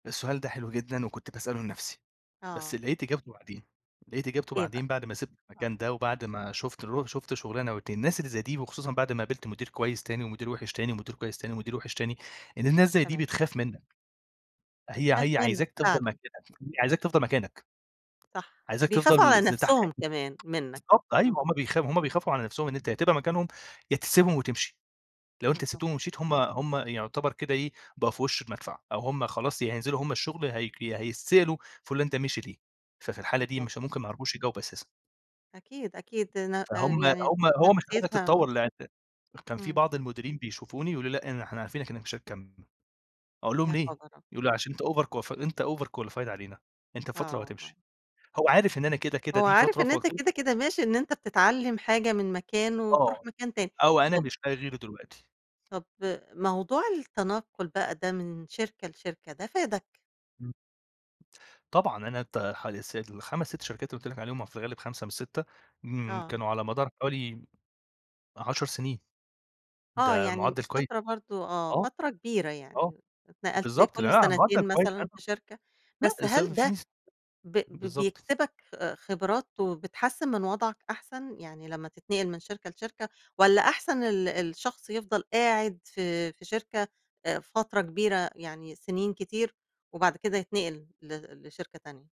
السؤال ده حلو جدًا، وكنت باسأله لنفسي، بس آه. لقيت إجابته بعدين، لقيت إجابته إيه بقى؟ بعدين بعد ما سِبت آه. المكان ده وبعد ما شُفت الرو شُفت شُغلانة و2 الناس اللي زي دي وخصوصًا بعد ما قابلت مدير كويس تاني ومدير وحش تاني، ومدير كويس تاني ومدير وحش تاني، إن الناس زي دي تمام. بتخاف منّك. هي بتخاف هي منّك عايزاك تفضل فعلًا. مكانك، هي عايزاك تفضل مكانك. صح، عايزاك بيخافوا تفضل على ز تحت نفسهم [unintelligible] كمان منّك. بالضبط أيوه، طبعًا، هُم بيخ هُم إمم. بيخافوا على نفسهم إن أنت يا تبقى مكانهم يا تسيبهم وتمشي، لو أنت سبتهم بالضبط. ومشيت هُم هُم يعتبر كده إيه بقوا في وش المدفع أو هُم خلاص يا هينزلوا هُم الشغل يا هيك هيتسئلوا فلان ده مشي ليه؟ ففي الحالة دي بالضبط. مش ممكن ما يعرفوش يجاوبوا أساسًا. أكيد، أكيد، ن آآ، فهُم يعني هُم هو مش عايزك نفسيتها تتطور لأن كان في إمم. بعض المديرين بيشوفوني ويقولوا لي "لأ إن إحنا عارفينك إنّك مش هتكَمّل." أقول لهم: يا "ليه؟" خبر أبيض. يقولوا "عشان أنت overqualif أنت overqualified علينا، أنت بفترة آه، آه، وهتمشي. هو آه، عارف إن أنا كده كده هو دي عارف فترة إن أنت فقُلتل كده كده ماشي إن أنت بتتعلم حاجة من مكان وتروح آه، مكان تاني. أو أنا طب مش لاقي غيره دلوقتي. طب، موضوع التنقل بقى ده من شركة لشركة ده فادك؟ إمم. طبعًا أنا ت حوالي الس ال5، 6 شركات اللي قُلت لِك عليهم وفي الغالب 5 مش 6 امم، آه. كانوا على مدار حوالي 10 سنين. آه، ده يعني م مُعدّل كوي فترة برضه آه، آه. فترة كبيرة آه. يعني، اتنقلت بالضبط لأن كل أنا على مُعدّل سنتين كويس مثلًا أنا في شركة، لأ بس السبب هل ده [unintelligible] ب ب بالضبط. بيكسبك خ خبرات وبتحسّن من وضعك أحسن؟ يعني لمّا تتنقل من شركة لشركة، والّا أحسن ال الشخص يفضل قاعد في في شركة آآ، فترة كبيرة يعني سنين كتير وبعد كده يتنقل ل لشركة تانية؟